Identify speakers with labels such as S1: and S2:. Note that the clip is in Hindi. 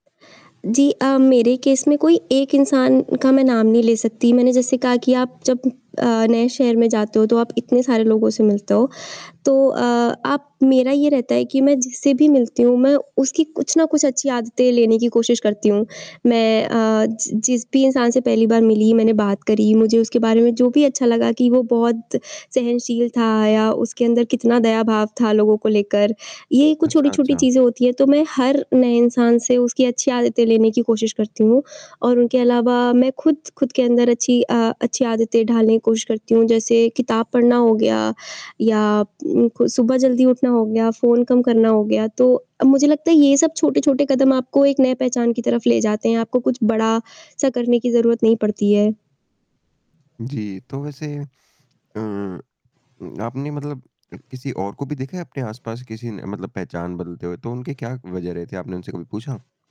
S1: जी। अ, मेरे केस में कोई एक इंसान का मैं नाम नहीं ले सकती, मैंने जैसे कहा कि आप जब अ, नए शहर में जाते हो तो आप इतने सारे लोगों से मिलते हो तो अ, आप मेरा ये रहता है कि मैं जिससे भी मिलती हूँ मैं उसकी कुछ ना कुछ अच्छी आदतें लेने की कोशिश करती हूँ। मैं अ, ज जिस भी इंसान से पहली बार मिली, मैंने बात करी, मुझे उसके बारे में जो भी अच्छा लगा कि वो बहुत सहनशील था या उसके अंदर कितना दयाभाव था लोगों को लेकर, ये कुछ
S2: अच्छा,
S1: छोटी-छोटी
S2: अच्छा।
S1: चीज़ें होती हैं तो मैं हर नए इंसान से उसकी अच्छी आदतें लेने की कोशिश करती हूँ और उनके अलावा मैं खुद, खुद के अंदर अच्छी अ, अच्छी आदतें ढालने की कोशिश करती हूँ जैसे किताब पढ़ना हो गया या उम, खु सुबह जल्दी उठना हो गया, फ़ोन कम करना हो गया। तो अ, मुझे लगता है ये सब छोटे-छोटे कदम आपको एक नए पहचान की तरफ ले जाते हैं आपको कुछ बड़ा-सा करने की ज़रूरत नहीं पड़ती है।
S2: जी, तो वैसे अ उम, आपने मतलब किसी और को भी देखा है अपने आस-पास किसी न मतलब पहचान बदलते हुए तो उनके क्या वजह रहे थे? आपने उनसे कभी पूछा?